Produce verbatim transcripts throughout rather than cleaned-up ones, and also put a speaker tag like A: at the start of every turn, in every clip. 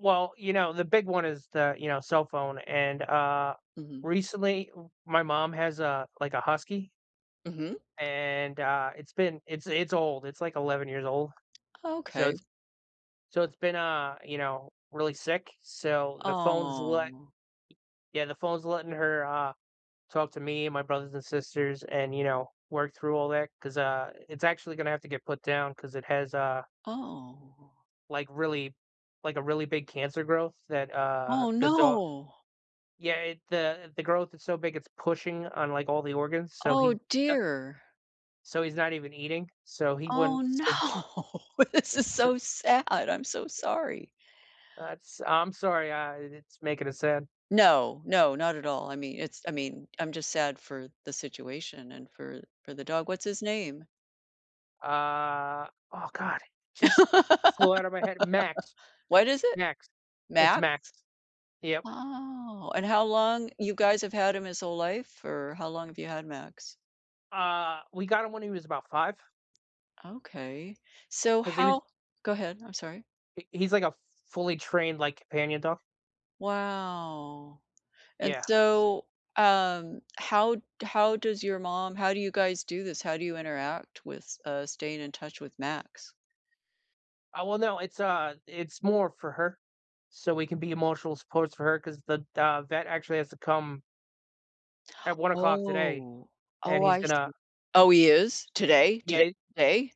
A: Well, you know, the big one is the, you know, cell phone and, uh,
B: Mhm.
A: recently w my mom has a, like, a husky
B: Mhm.
A: and, uh, it's been it's it's old, it's like eleven years old.
B: Oh,
A: So,
B: okay.
A: it's so it's been, uh, you know, really sick, so, the phone's le
B: Aw.
A: yeah, the phone's letting her, uh, talk to me and my brothers and sisters and, you know, work through all that 'cause, uh, it's actually gonna have to get put down 'cause it has, uh
B: Oh.
A: like really like, a really big cancer growth that, uh,
B: Oh,
A: the do
B: no!
A: yeah, it, uh the growth is so big, it's pushing on, like, all the organs, so,
B: Oh,
A: he da
B: dear.
A: so, he's not even eating. So, he
B: Oh,
A: wouldn't surv
B: no, this is
A: su
B: so sad, I'm so sorry.
A: that's I'm sorry, I it's making it sad.
B: No, no, not at all. I mean, it's I mean, I'm just sad for the situation and for for the dog. What's his name?
A: Uh oh, god, just flew out of my head. Max.
B: What is it?
A: Max. It's
B: Max?
A: Max. Yep.
B: Oh, and how long you guys have had him his whole life? Or how long have you had Max?
A: Uh, we got him when he was about five.
B: Okay. So,
A: 'Cause he was
B: how go ahead, I'm sorry.
A: He he's, like, a fully trained, like, companion dog.
B: Wow, and,
A: Yeah.
B: so, um, how d how does your mom how do you guys do this? How do you interact with, uh, staying in touch with Max?
A: Uh, well, no, it's, uh, it's more for her, so we can be emotional supports for her, 'cause the, uh, vet actually has to come at one o'clock today,
B: Oh.
A: and
B: Oh,
A: he's
B: I
A: gonna
B: see. Oh, he is? Today?
A: Yeah,
B: Today
A: i
B: today?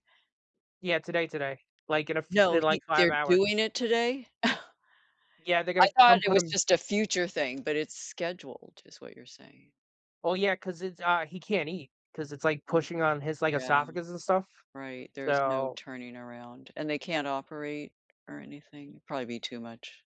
A: Yeah. Today, today, like, in a f
B: No,
A: in, like,
B: he
A: five
B: they're
A: hours.
B: doing it today?
A: Yeah, they're
B: I
A: gonna
B: thought
A: come
B: it
A: put
B: was
A: him
B: just a future thing, but it's scheduled, is what you're saying.
A: Oh, yeah, 'cause it's, uh he can't eat 'cause it's, like,
B: Uh-huh.
A: pushing on his, like,
B: Yeah.
A: esophagus and stuff,
B: Right, there's no
A: so
B: turning around, and they can't operate, or anything? It'd probably be too much.